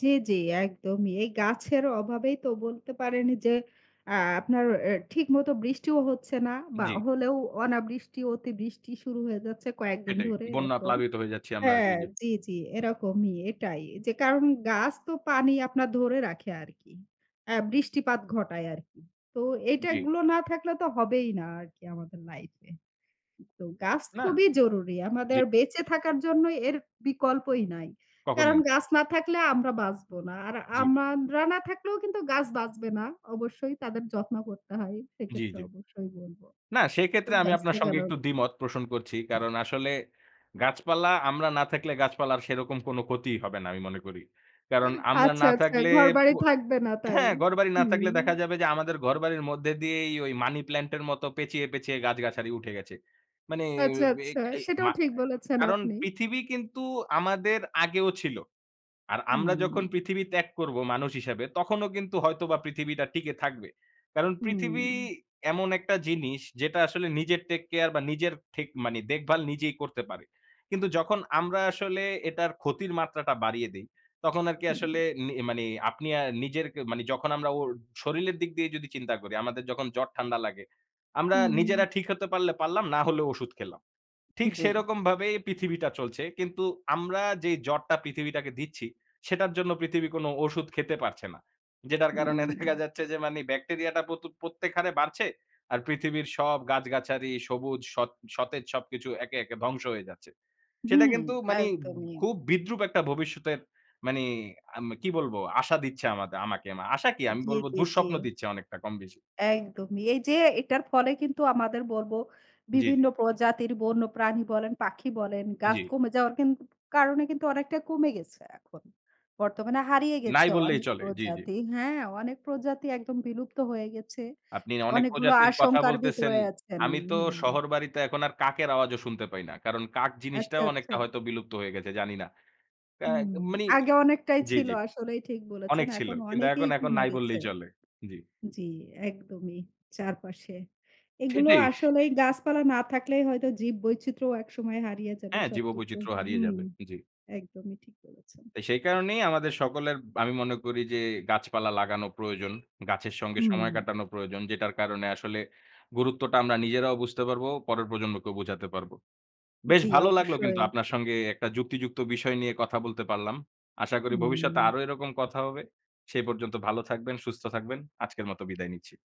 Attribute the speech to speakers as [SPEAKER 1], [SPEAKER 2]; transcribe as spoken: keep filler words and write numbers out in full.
[SPEAKER 1] জ্বী, জ্বী, একদমই। এই গাছের অভাবেই তো বলতে পারেন যে অ্যা আপনার এ ঠিক মতো বৃষ্টিও হচ্ছে না বা
[SPEAKER 2] জি।
[SPEAKER 1] হলেও অনাবৃষ্টি অতি বৃষ্টি শুরু হয়ে যাচ্ছে কয়েকদিন
[SPEAKER 2] সেটাই।
[SPEAKER 1] ধরে
[SPEAKER 2] বন্যা
[SPEAKER 1] এরকম।
[SPEAKER 2] প্লাবিত হয়ে যাচ্ছি আমরা। জি,
[SPEAKER 1] হ্যাঁ,
[SPEAKER 2] জি।
[SPEAKER 1] জি, জি, এরকমই এটাই। যে কারণ গাছ তো পানি আপনার ধরে রাখে আরকি। অ্যা বৃষ্টিপাত ঘটায় আরকি। তো
[SPEAKER 2] জ্বী।
[SPEAKER 1] এইটাগুলো না থাকলে তো হবেই না, আরকি আমাদের লাইফ এ। এ তো গাছ
[SPEAKER 2] না
[SPEAKER 1] খুবই জরুরি।
[SPEAKER 2] জি।
[SPEAKER 1] আমাদের বেঁচে থাকার জন্য এর বিকল্পই নাই। কারণ
[SPEAKER 2] কখনোই
[SPEAKER 1] গাছ না থাকলে আমরা বাঁচব না। আর
[SPEAKER 2] জি।
[SPEAKER 1] আমানরা না থাকলেও কিন্তু গাছ বাঁচবে না। অবশ্যই তাদের যত্ন করতে হয়।
[SPEAKER 2] জ্বী,
[SPEAKER 1] সেক্ষেত্রে
[SPEAKER 2] জ্বী।
[SPEAKER 1] অবশ্যই বলব।
[SPEAKER 2] না
[SPEAKER 1] তো
[SPEAKER 2] সেক্ষেত্রে আমি
[SPEAKER 1] গাছ
[SPEAKER 2] আপনার সঙ্গে
[SPEAKER 1] লাগানো
[SPEAKER 2] একটু দ্বিমত পোষণ করছি। কারণ আসলে
[SPEAKER 1] উ
[SPEAKER 2] গাছপালা আমরা না থাকলে গাছপালার সেরকম কোন ক্ষতিই হবে না আমি মনে করি। কারণ আমরা
[SPEAKER 1] আচ্ছা,
[SPEAKER 2] না
[SPEAKER 1] আচ্ছা,
[SPEAKER 2] থাকলে
[SPEAKER 1] ঘরবাড়ি
[SPEAKER 2] পু
[SPEAKER 1] থাকবে না তাই।
[SPEAKER 2] হ্যাঁ ঘরবাড়ি না থাকলে দেখা
[SPEAKER 1] হুম।
[SPEAKER 2] যাবে যে আমাদের ঘরবাড়ির মধ্যে দিয়েই মানি প্লান্ট এর মত পেঁচিয়ে, পেঁচিয়ে, গাছ-গাছারি উঠে গেছে। মানে
[SPEAKER 1] আচ্ছা,
[SPEAKER 2] এ
[SPEAKER 1] আচ্ছা,
[SPEAKER 2] এই
[SPEAKER 1] সেটাও
[SPEAKER 2] মা
[SPEAKER 1] ঠিক
[SPEAKER 2] আ
[SPEAKER 1] বলেছেন
[SPEAKER 2] কারণ
[SPEAKER 1] আপনি।
[SPEAKER 2] পৃথিবী কিন্তু আমাদের আগেও ছিল। আর আমরা যখন
[SPEAKER 1] হুম।
[SPEAKER 2] পৃথিবী ত্যাগ করব মানুষ হিসাবে, তখনও কিন্তু হয়তো বা পৃথিবীটা টিকে থাকবে। কারণ পৃথিবী
[SPEAKER 1] হুম।
[SPEAKER 2] এমন একটা জিনিস যেটা আসলে নিজের টেক কেয়ার বা নিজের ঠেক মানি দেখভাল নিজেই করতে পারে। কিন্তু যখন আমরা আসলে এটার ক্ষতির মাত্রাটা বাড়িয়ে দেই, তখন আরকি
[SPEAKER 1] হুম।
[SPEAKER 2] আসলে নে মানি আপনি আ নিজের কে মানি যখন আমরা ওর শরীলের দিক দিয়ে যদি চিন্তা করি, আমাদের যখন জ্বর ঠান্ডা লাগে। আমরা নিজেরা
[SPEAKER 1] হুম।
[SPEAKER 2] ঠিক হতে পারলে পারলাম না হলেও ঔষুধ খেলাম। ঠিক
[SPEAKER 1] জ্বী।
[SPEAKER 2] সেরকমভাবেই পৃথিবীটা চলছে। কিন্তু আমরা যেই জ্বরটা পৃথিবীটাকে দিচ্ছি, সেটার জন্য পৃথিবী কোন ঔষুধ খেতে পারছে না। যেটার কারণে দেখা
[SPEAKER 1] হুম।
[SPEAKER 2] যাচ্ছে যে মানি ব্যাকটেরিয়াটা প্রতু প্রত্যেক হারে বাড়ছে। আর পৃথিবীর সব গাছ-গাছারি সবুজ সৎ সতেজ সবকিছু একে, একে, ধ্বংস হয়ে যাচ্ছে। সেটা
[SPEAKER 1] হুম
[SPEAKER 2] কিন্তু মানি
[SPEAKER 1] একদমই।
[SPEAKER 2] খুব বিদ্রূপ একটা ভবিষ্যতের মানি আম কি বলবো আশা দিচ্ছে আমাদ আমাকে। আশা কি? আমি
[SPEAKER 1] জি,
[SPEAKER 2] বলব
[SPEAKER 1] জি, জি।
[SPEAKER 2] দুঃস্বপ্ন দিচ্ছে অনেকটা কম বেশি।
[SPEAKER 1] একদমই। এই যে এটার ফলে কিন্তু আমাদের বলবো
[SPEAKER 2] জি,
[SPEAKER 1] বিভিন্ন
[SPEAKER 2] জি।
[SPEAKER 1] পজাতির বন্যপ্রাণী বলেন, পাখি বলেন গাছ
[SPEAKER 2] জি।
[SPEAKER 1] কমে যাওয়ার কিন কারণে কিন্তু অনেকটা কমে গেছে এখন। বর্তমানে হারিয়ে গেছে
[SPEAKER 2] নাই বললেই
[SPEAKER 1] অনেক
[SPEAKER 2] চলে। জি, জি।
[SPEAKER 1] প্রজাতি হ্যাঁ অনেক প্রজাতি একদম বিলুপ্ত হয়ে গেছে।
[SPEAKER 2] আপনি অনেক
[SPEAKER 1] অনেকগুলো
[SPEAKER 2] প্রজাতির কথা
[SPEAKER 1] আশঙ্কার
[SPEAKER 2] বলতেছেন।
[SPEAKER 1] ভিতরে আছেন
[SPEAKER 2] আমি তো
[SPEAKER 1] হু।
[SPEAKER 2] শহর বাড়িতে এখন আর কাকের আওয়াজও শুনতে পাই না। কারণ কাক
[SPEAKER 1] আচ্ছা,
[SPEAKER 2] জিনিসটাও
[SPEAKER 1] আচ্ছা।
[SPEAKER 2] অনেকটা হয়তো বিলুপ্ত হয়ে গেছে জানি না। কা
[SPEAKER 1] হুম,
[SPEAKER 2] মানি
[SPEAKER 1] আগে অনেকটাই
[SPEAKER 2] জি,
[SPEAKER 1] ছিল।
[SPEAKER 2] জি।
[SPEAKER 1] আসলেই ঠিক বলেছেন।
[SPEAKER 2] অনেক ছিল।
[SPEAKER 1] এখন
[SPEAKER 2] কিন্তু এখন,
[SPEAKER 1] অনেকেই
[SPEAKER 2] এখন,
[SPEAKER 1] কুমে
[SPEAKER 2] নাই
[SPEAKER 1] গেছে।
[SPEAKER 2] বললেই চলে। জি।
[SPEAKER 1] জি একদমই চারপাশে। এগুলো
[SPEAKER 2] সেটাই।
[SPEAKER 1] আসলেই গাছপালা না থাকলেই হয়তো জীব বৈচিত্র্যও একসময় হারিয়ে যাবে
[SPEAKER 2] হ্যাঁ,
[SPEAKER 1] সবকিছু।
[SPEAKER 2] জীববৈচিত্র্য হারিয়ে
[SPEAKER 1] হুম
[SPEAKER 2] যাবে। জি।
[SPEAKER 1] একদমই ঠিক বলেছেন।
[SPEAKER 2] তো সেই কারণেই আমাদের সকলের আমি মনে করি যে গাছপালা লাগানো প্রয়োজন। গাছের সঙ্গে
[SPEAKER 1] হুম।
[SPEAKER 2] সময় কাটানো প্রয়োজন। যেটার কারণে আসলে গুরুত্বটা আমরা নিজেরাও বুঝতে পারবো, পরের প্রজন্মকেও বোঝাতে পারব। বেশ
[SPEAKER 1] জি,
[SPEAKER 2] ভালো লাগলো কিন্তু
[SPEAKER 1] অবশ্যই।
[SPEAKER 2] আপনার সঙ্গে একটা যুক্তিযুক্ত বিষয় নিয়ে কথা বলতে পারলাম। আশা করি ভবিষ্যতে
[SPEAKER 1] হুম।
[SPEAKER 2] আরো এরকম কথা হবে। সেই পর্যন্ত ভালো থাকবেন, সুস্থ থাকবেন। আজকের মতো বিদায় নিচ্ছি।